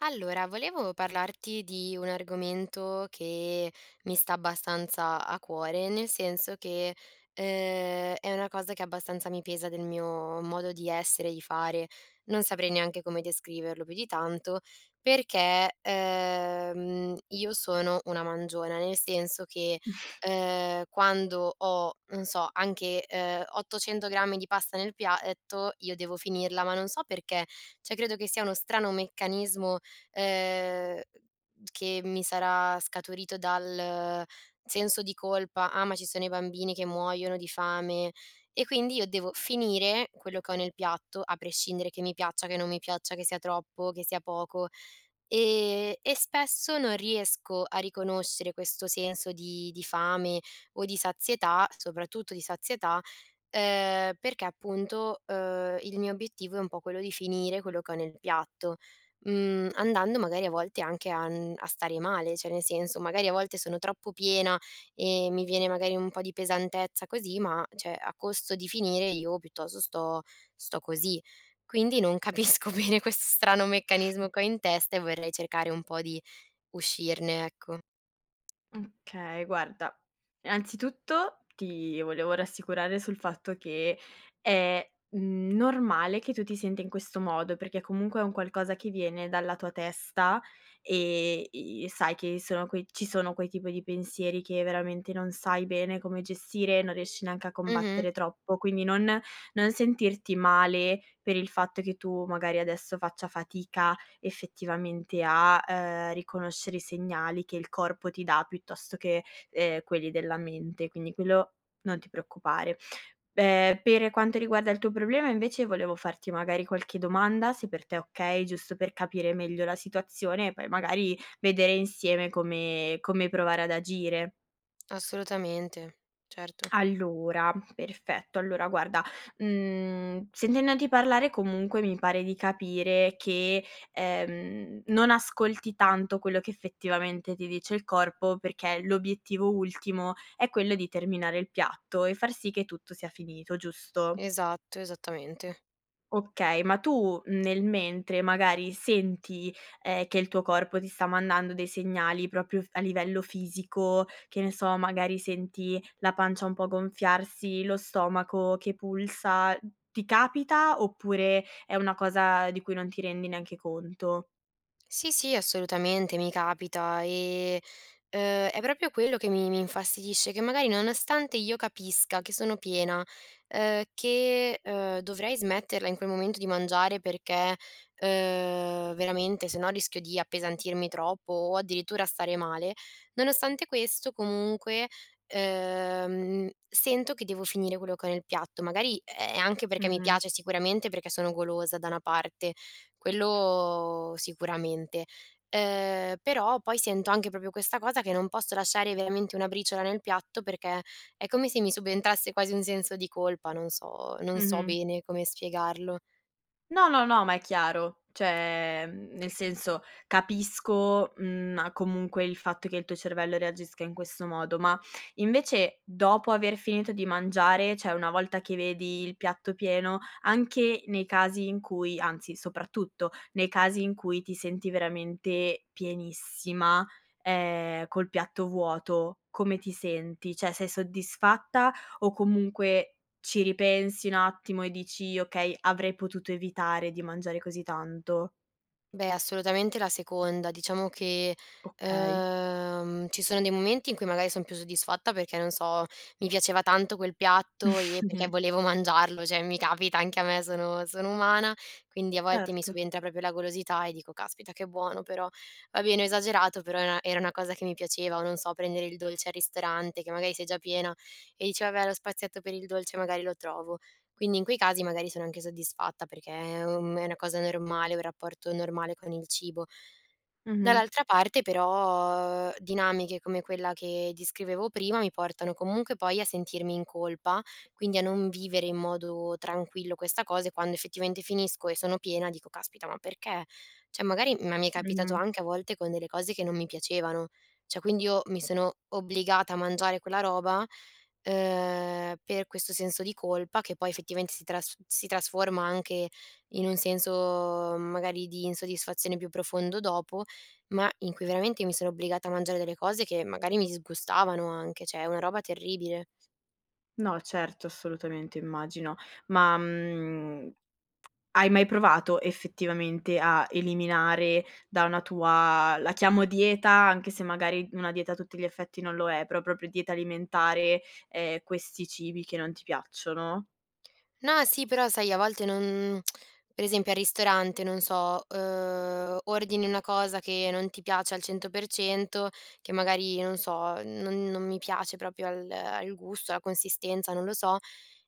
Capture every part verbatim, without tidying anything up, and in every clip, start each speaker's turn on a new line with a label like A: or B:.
A: Allora, volevo parlarti di un argomento che mi sta abbastanza a cuore, nel senso che, ehm, è una cosa che abbastanza mi pesa del mio modo di essere e i fare. Non saprei neanche come descriverlo più di tanto, perché, ehm, io sono una mangiona, nel senso che, ehm, quando ho, non so, anche, uhm, ottocento grammi di pasta nel piaetto io devo finirla, ma non so perché; ceh, credo che sia uno strano meccanismo, ehm, che mi sarà scaturito dal senso di colpa: "Ah, ma ci sono i bambini che muoiono di fame," e quindi io devo finire quello che ho nel piatto, a prescindere che mi piaccia, che non mi piaccia, che sia troppo, che sia poco. E e spesso non riesco a riconoscere questo senso di di fame, o di sazietà, soprattutto di sazietà, uhm, perché, appunto, uhm, il mio obiettivo è un po' quello di finire quello che ho nel piatto, mhmm, andando, magari, a volte anche a n a stare male ceh, nel senso magari a volte sono troppo piena e mi viene magari un po' di pesantezza così, ma ceh, a costo di finire io piuttosto sto sto così. Quindi, non capisco bene questo strano meccanismo che ho in testa, e vorrei cercare un po' di uscirne, ecco.
B: Okay, guarda: innanzitutto ti volevo rassicurare sul fatto che è, mhmm, normale che tu ti senta in questo modo, perché comunque è un qualcosa che viene dalla tua testa, e i e sai che sono quei ci sono quei tipo di pensieri che, veramente, non sai bene come gestire, non riesci neanche a
A: Mh-mh.
B: combattere troppo, quindi non non sentirti male per il fatto che tu magari adesso faccia fatica effettivamente a, uhm, riconoscere i segnali che il corpo ti dà, piuttosto che, ehm, quelli della mente quindi, quello non ti preoccupare. Be pere quanto riguarda il tuo problema, invece, volevo farti, magari, qualche domanda, se per te è okay, giusto per capire meglio la situazione, e poi, magari, vedere insieme come come provare ad agire.
A: Assolutamente, certo.
B: Allora, perfetto. Allora guarda, mhmm, sentendoti parlare, comunque, mi pare di capire che, ehm, non ascolti tanto quello che effettivamente ti dice il corpo, perché l'obiettivo ultimo è quello di terminare il piatto e far sì che tutto sia finito, giusto?
A: Esatto, esattamente.
B: Okay, ma tu, mh, nel mentre magari senti, ehm, che il tuo corpo ti sta mandando dei segnali proprio f a livello fisico? Che ne so, magari senti la pancia un po' gonfiarsi? Lo stomaco che pulsa? Mh, ti capita oppure è una cosa di cui non ti rendi neanche conto?
A: Sì sì, assolutamente, mi capita. E, ehm, è proprio quello che mi mi infastidisce, che magari, nonostante io capisca che sono piena, ehm, che, ehm, dovrei smetterla in quel momento di mangiare perché, ehm, veramente, se no, rischio di appesantirmi troppo o addirittura stare male, nonostante questo, comunque, ehm, sento che devo finire quello che ho nel piatto. Magari è anche perché mi
B: Mh-mh.
A: piace, sicuramente, perché sono golosa, da una parte, quello sicuramente. Ehm, però poi sento anche proprio questa cosa che non posso lasciare veramente una briciola nel piatto perché è come se mi subentrasse quasi un senso di colpa, non so, non so
B: Mh-mh.
A: bene come spiegarlo.
B: No no no, ma è chiaro, cioè, mhmm, nel senso capisco, mhmm ah, comunque il fatto che il tuo cervello reagisca in questo modo. Ma invece, dopo aver finito di mangiare, cioè una volta che vedi il piatto pieno, anche nei casi in cui anzi soprattutto nei casi in cui ti senti veramente pienissima, ehm, col piatto vuoto, come ti senti? ceh sei soddisfatta o comunque ci ripensi un attimo e dici: “Okay, avrei potuto evitare di mangiare così tanto?”.
A: Beh, assolutamente la seconda. Diciamo che,
B: Okay.
A: ehm, ci sono dei momenti in cui magari son più soddisfatta, perché, non so, mi piaceva tanto quel piatto e perché volevo mangiarlo, ceh mi capita anche a me, sono sono umana, quindi a volte mi
B: Certo.
A: subentra proprio la golosità e dico: “Caspita, che buono però". Va bene, ho esagerato, però e era una cosa che mi piaceva, o, non so, prendere il dolce al ristorante, che magari sei già piena e dici: “Vabbè, lo spazietto per il dolce magari lo trovo”. Quindi in quei casi magari sono anche soddisfatta, perché è, uhm, è una cosa normale, un rapporto normale con il cibo.
B: Mh-mh.
A: Dall'altra parte, però, dinamiche come quella che descrivevo prima, mi portano comunque poi a sentirmi in colpa, quindi a non vivere in modo tranquillo questa cosa e, quando effettivamente finisco e sono piena, dico: “Caspita, ma perché?”. ceh magari, mh, ma mi è capitato
B: Mh-mh.
A: anche a volte con delle cose che non mi piacevano, cioè quindi io mi sono obbligata a mangiare quella roba, ehm, per questo senso di colpa, che poi effettivamente si trasf si trasforma anche in un senso, mhmm, magari di insoddisfazione più profondo dopo, ma in cui veramente mi sono obbligata a mangiare delle cose che magari mi disgustavano anche, ceh una roba terribile.
B: No certo, assolutamente immagino ma, mhmm, hai mai provato effettivamente a eliminare da una tua, la chiamo: "dieta", anche se magari, mh, una dieta a tutti gli effetti non lo è, però proprio dieta alimentare, ehm, questi cibi che non ti piacciono?
A: No, sì, però, sai, a volte non, per esempio, al ristorante, non so, uhm, ordini una cosa che non ti piace al cento per cento, che magari, non so, non non mi piace proprio al al gusto, alla consistenza, non lo so,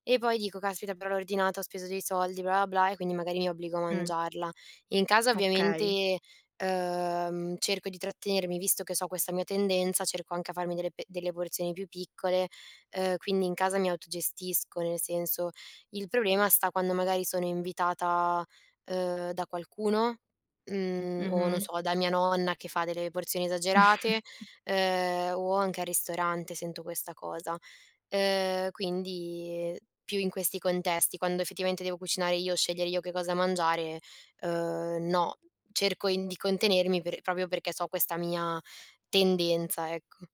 A: e poi dico: “Caspita, però l'ho ordinato, ho speso dei soldi, bla bla bla”. E quindi magari mi obbligo a
B: Mh.
A: mangiarla. In casa,
B: Okay.
A: ovviamente, ehm, cerco di trattenermi, visto che so questa mia tendenza, cerco anche a farmi delle pe delle porzioni più piccole, ehm, quindi in casa mi autogestisco, nel senso il problema sta quando magari sono invitata, ehm, da qualcuno, mhmm, o, non
B: Mh-mh.
A: so, da mia nonna, che fa delle porzioni esagerate, ehm, o anche al ristorante sento questa cosa. Ehm, quindi più in questi contesti, quando effettivamente devo cucinare io, scegliere io che cosa mangiare, uhm, no. Cerco in di contenermi per proprio perché so questa mia tendenza, ecco.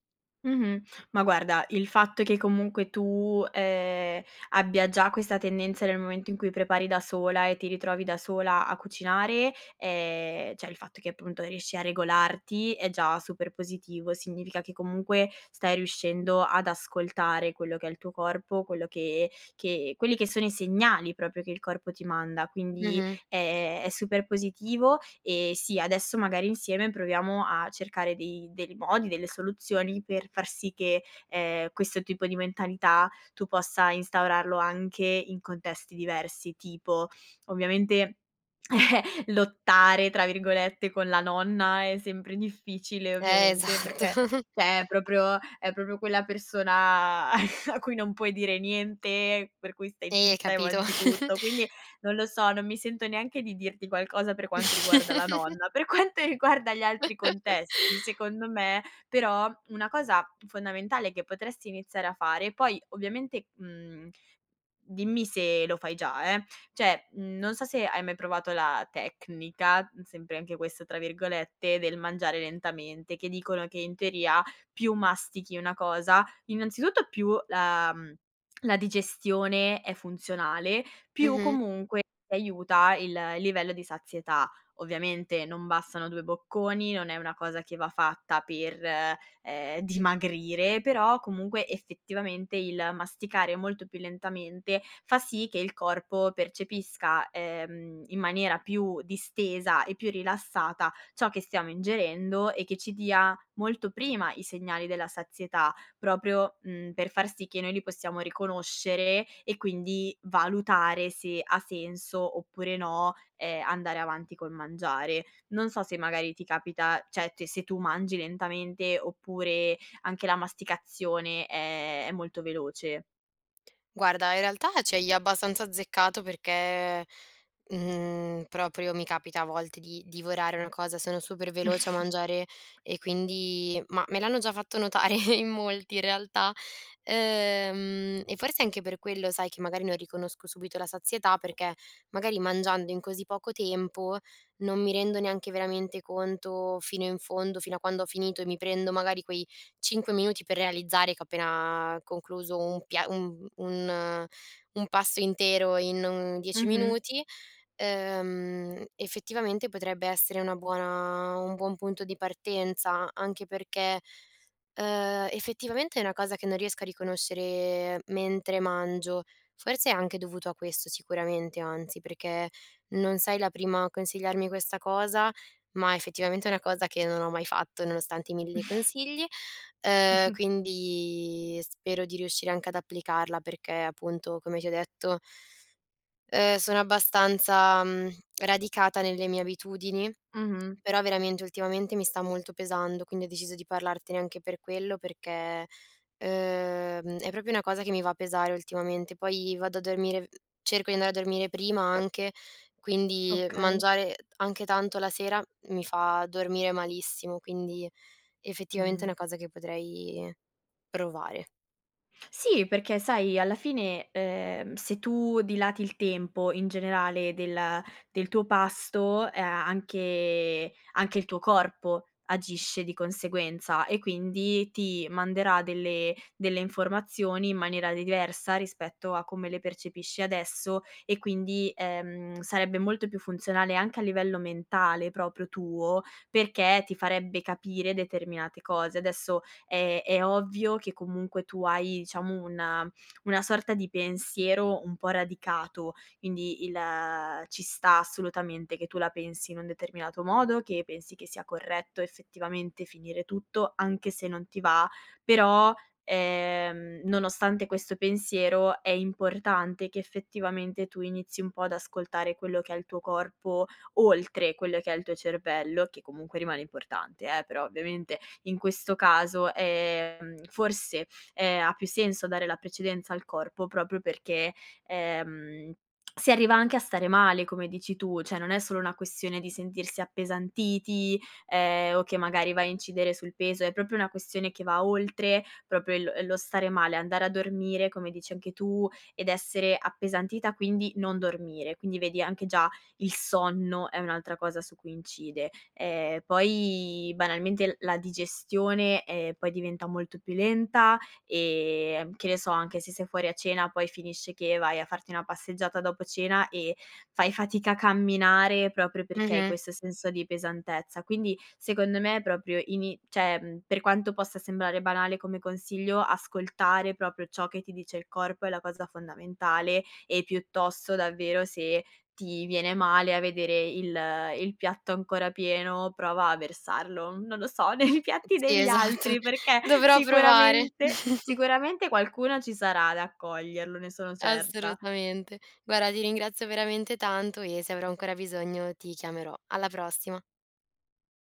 B: Mh-mh. Ma guarda, il fatto che comunque tu, ehm, abbia già questa tendenza nel momento in cui prepari da sola e ti ritrovi da sola a cucinare, ehm, ceh il fatto che appunto riesci a regolarti è già super positivo, significa che comunque stai riuscendo ad ascoltare quello che è il tuo corpo, quelli che che quelli che sono i segnali proprio che il corpo ti manda, quindi
A: Mh-mh.
B: è è super positivo e, sì, adesso magari insieme proviamo a cercare dei dei modi, delle soluzioni, per far sì che, ehm, questo tipo di mentalità tu possa instaurarlo anche in contesti diversi. Tipo, ovviamente lottare, tra virgolette, con la nonna è sempre difficile,
A: Eh,
B: ovviamente, perché
A: esatto.
B: ceh è proprio è proprio quella persona a cui non puoi dire niente, per cui stai
A: Eh,
B: zitta e
A: capito?
B: mangi tutto. Quindi, non lo so, non mi sento neanche di dirti qualcosa per quanto riguarda la nonna. Per quanto riguarda gli altri contesti, secondo me, però, una cosa fondamentale che potresti iniziare a fare, poi ovviamente, mhmm, dimmi se lo fai già, eh! Cioè non so se hai mai provato la tecnica, sempre anche questo, tra virgolette, del mangiare lentamente, che dicono che in teoria più mastichi una cosa innanzitutto più la, mhmm, la digestione è funzionale, più
A: Mh-mh.
B: comunque aiuta il il livello di sazietà. Ovviamente non bastano due bocconi, non è una cosa che va fatta per, ehm, dimagrire, però comunque effettivamente il masticare molto più lentamente fa sì che il corpo percepisca, ehm, in maniera più distesa e più rilassata ciò che stiamo ingerendo, e che ci dia molto prima i segnali della sazietà proprio, mhmm, per far sì che noi li possiamo riconoscere e quindi valutare se ha senso oppure no, ehm, andare avanti col mangiare. Non so se magari ti capita, ceh se se tu mangi lentamente oppure anche la masticazione, ehm, è molto veloce?
A: Guarda in realtà ci hai abbastanza azzeccato, perché, mhmm, proprio mi capita a volte di divorare una cosa. Sono super veloce a mangiare e quindi ma me l'hanno già fatto notare in molti in realtà ehm, e forse anche per quello, sai che magari non riconosco subito la sazietà, perché magari mangiando in così poco tempo, non mi rendo neanche veramente conto fino in fondo, fino a quando ho finito, e mi prendo magari quei cinque minuti per realizzare, che ho appena concluso un pia un un un pasto intero in un dieci
B: Mh-mh.
A: minuti. Ehm, effettivamente potrebbe essere una buona un buon punto di partenza anche perché, ehm, effettivamente è una cosa che non riesco a riconoscere mentre mangio. Forse è anche dovuto a questo sicuramente, anzi, perché non sei la prima a consigliarmi questa cosa, ma effettivamente è una cosa che non ho mai fatto, nonostante i mille consigli, ehm, quindi spero di riuscire anche ad applicarla perché appunto come ti ho detto ehm, sono abbastanza, mhmm, radicata nelle mie abitudini,
B: Mh-mh.
A: però veramente, ultimamente mi sta molto pesando, quindi ho deciso di parlartene anche per quello, perché, ehm, è proprio una cosa che mi va a pesare ultimamente, poi vado a dormire cerco di andare a dormire prima anche, quindi
B: Okay.
A: mangiare anche tanto la sera, mi fa dormire malissimo, quindi effettivamente è
B: Mh-mh.
A: una cosa che potrei provare.
B: Sì perché sai, alla fine, ehm, se tu dilati il tempo in generale del del tuo pasto, ea anche anche il tuo corpo agisce di conseguenza, e quindi ti manderà delle delle informazioni in maniera diversa, rispetto a come le percepisci adesso e quindi, ehm, sarebbe molto più funzionale, anche a livello mentale proprio tuo, perché ti farebbe capire determinate cose. Adesso è è ovvio che comunque tu hai, diciamo, una una sorta di pensiero un po' radicato, quindi il ci sta assolutamente che tu la pensi in un determinato modo, che pensi che sia corretto effettivamente finire tutto, anche se non ti va, però, ehm, nonostante questo pensiero è importante che effettivamente tu inizi un po' ad ascoltare quello che è il tuo corpo, oltre quello che è il tuo cervello, che comunque rimane importante, eh, però ovviamente, in questo caso, ehm, forse, ehm, ha più senso dare la precedenza al corpo proprio perché, ehm, si arriva anche a stare male, come dici tu. ceh non è solo una questione di sentirsi appesantiti, ehm, o che magari va a incidere sul peso, è propio una questione che va oltre proprio il lo stare male; andare a dormire, come dici anche tu, ed essere appesantita quindi non dormire. Quindi vedi, anche già il sonno è un'altra cosa su cui incide. E poi banalmente, la digestione è poi diventa molto più lenta, e che ne so, anche se sei fuori a cena poi finisce che vai a farti una passeggiata dopo cena, e fai fatica a camminare proprio perché hai
A: Mh-mh.
B: questo senso di pesantezza. Quindi secondo me, proprio ini ceh per quanto possa sembrare banale come consiglio, ascoltare proprio ciò che ti dice il corpo è la cosa fondamentale, e piuttosto davvero, se ti viene male a vedere il il piatto ancora pieno, prova a versarlo, non lo so, nei piatti
A: Sì,
B: degli
A: esatto.
B: altri perché,
A: Dovrò provare.
B: sicuramente sicuramente qualcuno ci sarà ad accoglierlo, ne sono certa.
A: Assolutamente. Guarda ti ringrazio veramente tanto, e se avrò ancora bisogno ti chiamerò. Alla prossima.